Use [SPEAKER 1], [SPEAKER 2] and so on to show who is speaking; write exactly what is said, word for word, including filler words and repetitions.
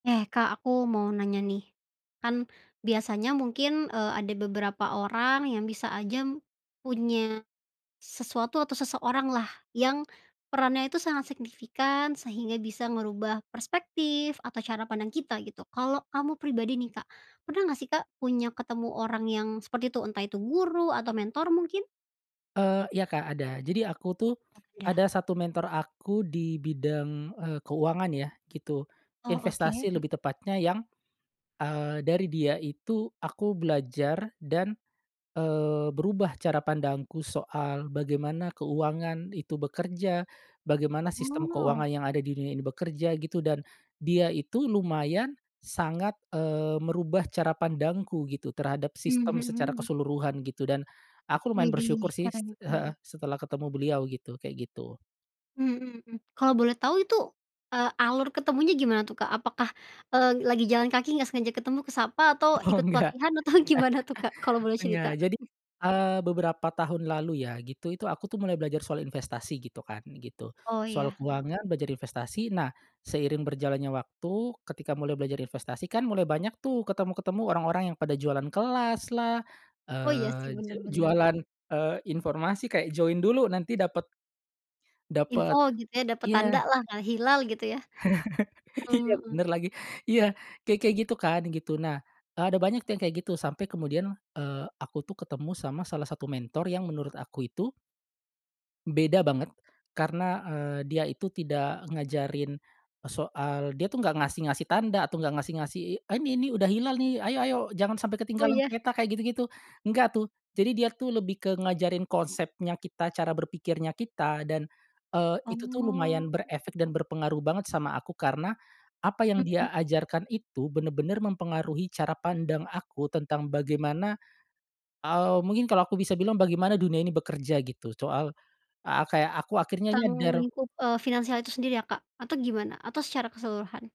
[SPEAKER 1] Eh, Kak aku mau nanya nih, kan biasanya mungkin, eee, ada beberapa orang yang bisa aja, punya, sesuatu atau seseoranglah yang, perannya itu sangat signifikan sehingga bisa ngerubah perspektif atau cara pandang kita gitu kalau kamu pribadi nih Kak pernah nggak sih Kak punya ketemu orang yang seperti itu? Entah itu guru atau mentor mungkin?
[SPEAKER 2] Eee, iya Kak ada jadi aku tuh,
[SPEAKER 1] Oh iya.
[SPEAKER 2] ada satu mentor aku di bidang, eee, keuangan ya gitu,
[SPEAKER 1] Oh oke,
[SPEAKER 2] investasi
[SPEAKER 1] mhm.
[SPEAKER 2] lebih tepatnya yang, eee, dari dia itu aku belajar dan, eee, berubah cara pandangku soal bagaimana keuangan itu bekerja, bagaimana sistem
[SPEAKER 1] Oh.
[SPEAKER 2] keuangan yang ada di dunia ini bekerja gitu dan, dia itu lumayan sangat, eee, merubah cara pandangku gitu terhadap
[SPEAKER 1] Mmm,
[SPEAKER 2] sistem secara
[SPEAKER 1] mhm.
[SPEAKER 2] keseluruhan gitu dan, aku lumayan
[SPEAKER 1] Widih
[SPEAKER 2] bersyukur sih,
[SPEAKER 1] keren
[SPEAKER 2] heeh,
[SPEAKER 1] keren.
[SPEAKER 2] setelah ketemu beliau gitu kayak gitu.
[SPEAKER 1] Mmm, mhm mhm, kalau boleh tahu itu, eee, alur ketemunya gimana tuh, Kak? Apakah, eee, lagi jalan kaki nggak sengaja ketemu ke sapa atau
[SPEAKER 2] Oh
[SPEAKER 1] ikut
[SPEAKER 2] enggak,
[SPEAKER 1] pelatihan atau gimana tuh, Kak? Kalau boleh
[SPEAKER 2] enggak
[SPEAKER 1] cerita.
[SPEAKER 2] jadi, eee, beberapa tahun lalu ya gitu itu aku tuh mulai belajar soal investasi gitu kan gitu,
[SPEAKER 1] Oh
[SPEAKER 2] soal
[SPEAKER 1] iya.
[SPEAKER 2] keuangan belajar investasi nah seiring berjalannya waktu ketika mulai belajar investasi kan mulai banyak tuh ketemu-ketemu orang-orang yang pada jualan kelaslah,
[SPEAKER 1] Oh iya sih
[SPEAKER 2] eee, je
[SPEAKER 1] bener bener.
[SPEAKER 2] jualan, eee, informasi kayak join dulu nanti dapet
[SPEAKER 1] Info
[SPEAKER 2] Dapet,
[SPEAKER 1] gitu ya dapet tanda
[SPEAKER 2] iya.
[SPEAKER 1] lah ngal hilal gitu ya, mmm,
[SPEAKER 2] Iya
[SPEAKER 1] mhm.
[SPEAKER 2] bener lagi iya kayak kayak gitu kan gitu nah, eee, ada banyak tuh yang kayak gitu sampai kemudian, eee, aku tuh ketemu sama salah satu mentor yang menurut aku itu beda banget karena, eee, dia itu tidak ngajarin, soal dia tuh gak ngasih ngasih tanda atau gak ngasih ngasih, eee, "Ini nih udah hilal nih ayo ayo jangan sampai
[SPEAKER 1] Oh
[SPEAKER 2] ketinggalan
[SPEAKER 1] iya.
[SPEAKER 2] kereta" kayak gitu-gitu enggak tuh jadi dia tuh lebih ke ngajarin konsepnya kita cara berpikirnya kita dan, eee, itu tuh lumayan
[SPEAKER 1] Oh.
[SPEAKER 2] berefek dan berpengaruh banget sama aku karena, apa yang
[SPEAKER 1] Mhm.
[SPEAKER 2] dia ajarkan itu bener-bener mempengaruhi cara pandang aku tentang bagaimana, eee, mungkin kalo aku bisa bilang bagaimana dunia ini bekerja gitu soal, eee, kayak aku akhirnya
[SPEAKER 1] Tentang
[SPEAKER 2] nyadar.
[SPEAKER 1] lingkup, eee, finansial itu sendiri ya Kak atau gimana? Atau secara keseluruhan?